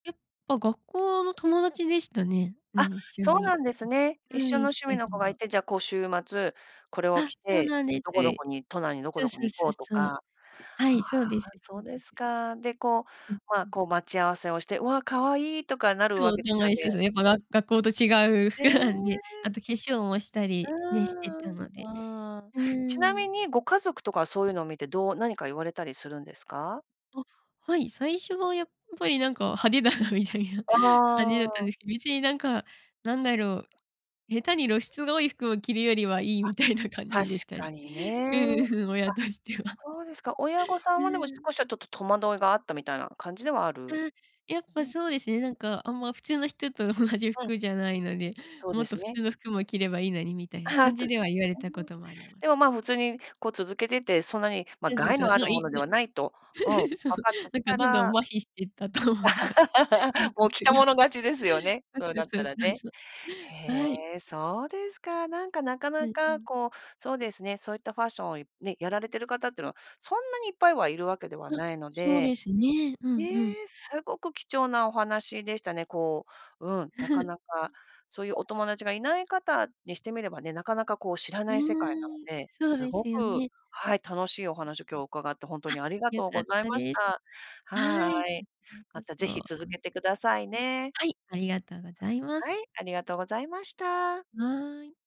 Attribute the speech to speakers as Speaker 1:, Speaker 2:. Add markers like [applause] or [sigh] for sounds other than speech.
Speaker 1: え、あ、学校の友達でしたね。う
Speaker 2: あ、
Speaker 1: ん、一緒
Speaker 2: そうな
Speaker 1: に
Speaker 2: んですね。
Speaker 1: う
Speaker 2: 一
Speaker 1: ん、う
Speaker 2: 緒
Speaker 1: ーん、
Speaker 2: の
Speaker 1: 行っ
Speaker 2: 趣
Speaker 1: て
Speaker 2: 味の
Speaker 1: る
Speaker 2: 子が
Speaker 1: の
Speaker 2: い
Speaker 1: は。
Speaker 2: て、じゃあ、こう、週末、これを
Speaker 1: あ、
Speaker 2: 着
Speaker 1: そう
Speaker 2: て
Speaker 1: なんです。
Speaker 2: どこどこに、都内にどこ
Speaker 1: そう
Speaker 2: どこ
Speaker 1: そう
Speaker 2: に行
Speaker 1: そ
Speaker 2: こ
Speaker 1: う
Speaker 2: うと
Speaker 1: そう。
Speaker 2: か。
Speaker 1: は
Speaker 2: はあ、
Speaker 1: い、そうですそ
Speaker 2: そ
Speaker 1: う
Speaker 2: う
Speaker 1: で
Speaker 2: で
Speaker 1: す。
Speaker 2: すか。で、こう、
Speaker 1: うん
Speaker 2: ま、
Speaker 1: うん。
Speaker 2: こう、待ち合わせをして、「わ、可愛い」とかなるわ
Speaker 1: そう、
Speaker 2: けで
Speaker 1: どん
Speaker 2: すよ
Speaker 1: は一緒
Speaker 2: ね。
Speaker 1: ですね。やっぱが学校と違う
Speaker 2: え
Speaker 1: 服
Speaker 2: え。う
Speaker 1: なんで。あと化粧もしたりね、して
Speaker 2: ー
Speaker 1: た
Speaker 2: ん、
Speaker 1: ので。
Speaker 2: うーん。
Speaker 1: う
Speaker 2: ちな
Speaker 1: ー
Speaker 2: み
Speaker 1: ん。
Speaker 2: にご家族とかは、そういうのを見てどう何か言われたりするんですか？
Speaker 1: あ、はい。最初はやっぱり、なんか、派手だなみたいな
Speaker 2: あ
Speaker 1: 感じだったんで
Speaker 2: あ。
Speaker 1: すけど、別に、なんか、なんだろう、下手に露出が多い服を着るよりはいい
Speaker 2: あ、
Speaker 1: みたいな感
Speaker 2: 確
Speaker 1: じでした。うん
Speaker 2: かにね。
Speaker 1: うん、
Speaker 2: あ、
Speaker 1: 親としては。
Speaker 2: そうですか。親御
Speaker 1: [laughs]
Speaker 2: さ
Speaker 1: う
Speaker 2: んは、でも
Speaker 1: ーん。
Speaker 2: 少しはちょっと戸惑いがあったみたいな感じではあ
Speaker 1: ああ、
Speaker 2: る。
Speaker 1: やっぱ
Speaker 2: ん。
Speaker 1: そうですね、なんか、あんま、普通の人と同じ
Speaker 2: うん。
Speaker 1: 服じゃないので、
Speaker 2: そう
Speaker 1: も
Speaker 2: で
Speaker 1: っと
Speaker 2: す
Speaker 1: 普
Speaker 2: ね。
Speaker 1: 通の服も着ればいいのにみたいな感じ
Speaker 2: [laughs]
Speaker 1: では言われ
Speaker 2: うー
Speaker 1: たこ
Speaker 2: ん。
Speaker 1: ともあります。
Speaker 2: でも、ま、普通に、こう、続けてて、そんなに、ま、
Speaker 1: そうそう
Speaker 2: 害
Speaker 1: そ
Speaker 2: の
Speaker 1: う。
Speaker 2: ある
Speaker 1: ま、い
Speaker 2: も
Speaker 1: い
Speaker 2: の
Speaker 1: か
Speaker 2: で
Speaker 1: な
Speaker 2: はないと、うん、わ
Speaker 1: [laughs] そう。
Speaker 2: かってき
Speaker 1: なんか、
Speaker 2: た
Speaker 1: どんど
Speaker 2: ら
Speaker 1: ん麻痺してったと思います。感
Speaker 2: [laughs] もう、着
Speaker 1: 覚
Speaker 2: た
Speaker 1: が。
Speaker 2: 者勝ちですよね、
Speaker 1: そ
Speaker 2: そう
Speaker 1: う
Speaker 2: なっ
Speaker 1: そ
Speaker 2: た
Speaker 1: うそ
Speaker 2: ら
Speaker 1: うそう
Speaker 2: ね。
Speaker 1: そう。はい。
Speaker 2: へえ、そうですか。なんか、なか
Speaker 1: う
Speaker 2: な
Speaker 1: んう
Speaker 2: か、
Speaker 1: ん。
Speaker 2: こう、そうですね、そういったファッションをいね、やられてる方ってのは、そんなにいっぱいはいるわけでは
Speaker 1: あ、
Speaker 2: ないの
Speaker 1: そう
Speaker 2: で。
Speaker 1: ですね。うん
Speaker 2: ね
Speaker 1: うん。
Speaker 2: え、すごく貴重なお話でしたね。こう、うん、なかなか、
Speaker 1: [laughs]
Speaker 2: そういうお友達がいない方にしてみればね、なかなか、こう、知ら
Speaker 1: う
Speaker 2: ない世界なの
Speaker 1: ーん、
Speaker 2: で。
Speaker 1: そう
Speaker 2: す
Speaker 1: で
Speaker 2: ご
Speaker 1: すよ
Speaker 2: く
Speaker 1: ね。
Speaker 2: はい、楽しいお話を今日伺って、ほんと
Speaker 1: あ、
Speaker 2: にありが
Speaker 1: 良
Speaker 2: とう
Speaker 1: か
Speaker 2: ご
Speaker 1: っ
Speaker 2: ざい
Speaker 1: た
Speaker 2: まし
Speaker 1: です。
Speaker 2: た。
Speaker 1: はい、
Speaker 2: は
Speaker 1: こ
Speaker 2: い。
Speaker 1: ち
Speaker 2: ま
Speaker 1: らこ
Speaker 2: た
Speaker 1: そ
Speaker 2: 是
Speaker 1: 楽
Speaker 2: 非
Speaker 1: しかっ
Speaker 2: 続
Speaker 1: たで
Speaker 2: け
Speaker 1: す。
Speaker 2: てくださいね。
Speaker 1: はい、ありがとうございます。
Speaker 2: はい、ありがとうございました。
Speaker 1: はい。